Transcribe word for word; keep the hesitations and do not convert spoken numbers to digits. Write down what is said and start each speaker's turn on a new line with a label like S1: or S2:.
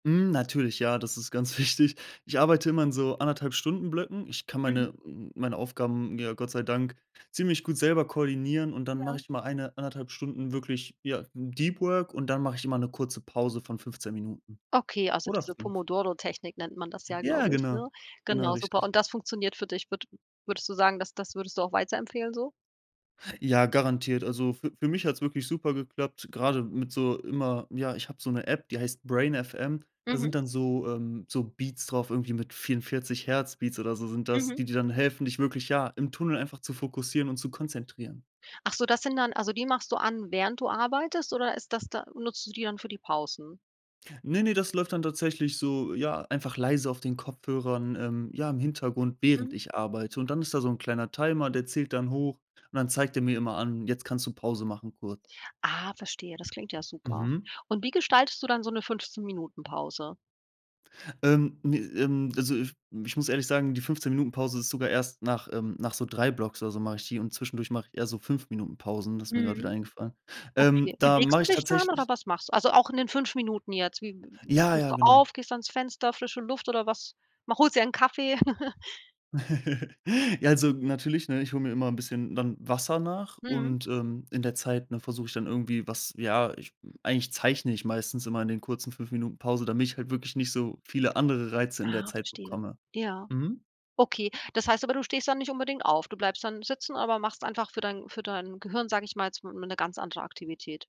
S1: Hm, natürlich, ja, das ist ganz wichtig. Ich arbeite immer in so anderthalb Stunden-Blöcken. Ich kann
S2: Mhm.
S1: meine m m meine Aufgaben mir Gott sei Dank ziemlich gut selber koordinieren und dann mache
S2: Ja.
S1: ich mal eine, anderthalb Stunden wirklich, ja, mm, Deep Work und dann mache ich immer 'ne kurze Pause von fünfzehn Minuten,
S2: Okay, also,
S1: oder
S2: diese
S1: fünf.
S2: Pomodoro-Technik nennt man das ja,
S1: Ja,
S2: glaube ich,
S1: genau.
S2: ne?
S1: Genau,
S2: Genau, super.
S1: richtig.
S2: Und das funktioniert für dich? Würde würdest du sagen, das das würdest du auch weiterempfehlen so?
S1: Ja, garantiert. Also, für für mich hat's wirklich super geklappt, grade mit so immer ja, ich habe so 'ne App, die heißt brain.fm. Da sind
S2: Mhm.
S1: dann so ähm, so Beats drauf irgendwie mit vierundvierzig Hertz Beats oder so sind das,
S2: Mhm.
S1: die dir dann helfen, dich wirklich, ja, im Tunnel einfach zu fokussieren und zu konzentrieren.
S2: Ach so, das sind dann also, die machst du an, während du arbeitest oder ist das da nutzt du die dann für die Pausen?
S1: Ne, ne, das läuft dann tatsächlich so ja, einfach leise auf den Kopfhörern, ähm, ja, im Hintergrund, während
S2: Mhm.
S1: ich arbeite. Und dann ist da so 'n kleiner Timer, der zählt dann hoch und dann zeigt er mir immer an: „Jetzt kannst du Pause machen kurz.“
S2: Ah, verstehe, das klingt ja super.
S1: Mhm.
S2: Und wie gestaltest du dann so 'ne fünfzehn Minuten-Pause?
S1: Ähm, ne, ähm, also, f ich muss ehrlich sagen, die fünfzehn Minuten-Pause ist sogar erst nach, ähm nach so drei Blocks oder so mache ich die und zwischendurch mache ich eher so fünf Minuten-Pausen, das ist mir grad wieder
S2: Mhm.
S1: eingefallen. Ähm,
S2: Okay,
S1: da
S2: bewegst
S1: mache
S2: du
S1: ich
S2: dich dann oder
S1: tatsächlich
S2: was machst du? Also, auch in den fünf Minuten jetzt, wie w
S1: Ja,
S2: stehst
S1: ja,
S2: du
S1: genau.
S2: auf, gehst ans Fenster, frische Luft oder was? Mach holst dir einen Kaffee?
S1: Ja, also, natürlich, ne, ich hole mir immer 'n bisschen dann Wasser nach
S2: Mhm.
S1: und, ähm, in der Zeit, ne, versuche ich dann irgendwie was ja, ich eigentlich zeichne ich meistens immer in den kurzen fünf Minuten Pause, damit ich halt wirklich nicht so viele andere Reize in der
S2: Ah,
S1: Zeit
S2: verstehe.
S1: bekomme,
S2: Ja,
S1: mhm.
S2: okay, das heißt aber, du stehst da nicht unbedingt auf. Du bleibst dann sitzen, aber machst einfach für dein für dein Gehirn, sage ich mal, jetzt, hm, 'ne ganz andere Aktivität.